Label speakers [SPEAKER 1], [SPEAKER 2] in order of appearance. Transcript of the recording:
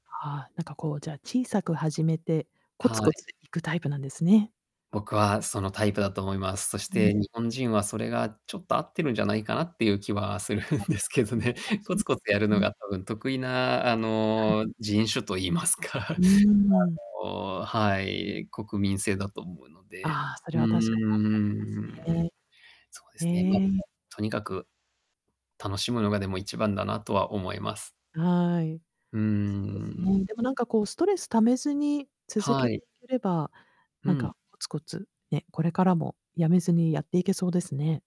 [SPEAKER 1] ああ、なんかこうじゃあ小さく始めて、コツ
[SPEAKER 2] あ、は
[SPEAKER 1] コツ
[SPEAKER 2] い。
[SPEAKER 1] いくタイプなんですね。
[SPEAKER 2] 僕はそのタイプだと思います。そし
[SPEAKER 1] うん
[SPEAKER 2] て、
[SPEAKER 1] う
[SPEAKER 2] 日
[SPEAKER 1] ん。
[SPEAKER 2] 本人はそれがちょっと合ってるんじゃないかなっていう気はするん
[SPEAKER 1] あ、
[SPEAKER 2] で
[SPEAKER 1] 確か
[SPEAKER 2] すけど
[SPEAKER 1] に、ん、そ
[SPEAKER 2] ね。
[SPEAKER 1] うかもし
[SPEAKER 2] コ
[SPEAKER 1] れ
[SPEAKER 2] ツ
[SPEAKER 1] な
[SPEAKER 2] コ
[SPEAKER 1] いで
[SPEAKER 2] ツや
[SPEAKER 1] す
[SPEAKER 2] るの
[SPEAKER 1] ね。
[SPEAKER 2] が多分得意な、あ
[SPEAKER 1] はい。
[SPEAKER 2] の、人種と言いますか、
[SPEAKER 1] うーん。
[SPEAKER 2] あの、はい、国民性だと思うので、
[SPEAKER 1] ああ、そ
[SPEAKER 2] う
[SPEAKER 1] れ
[SPEAKER 2] ー
[SPEAKER 1] は確かにあると思います
[SPEAKER 2] ん、
[SPEAKER 1] ね。
[SPEAKER 2] そうですね。ま、
[SPEAKER 1] へえ。
[SPEAKER 2] とにかく、楽しむのがでも一番だなとは思います。
[SPEAKER 1] はい。
[SPEAKER 2] うー
[SPEAKER 1] そうですね。
[SPEAKER 2] ん。
[SPEAKER 1] でもなんかこうストレス溜めずに続け
[SPEAKER 2] はい。
[SPEAKER 1] ていければ、
[SPEAKER 2] う
[SPEAKER 1] なん
[SPEAKER 2] ん。
[SPEAKER 1] かコツコツね、これからも止めずにやっていけそうですね。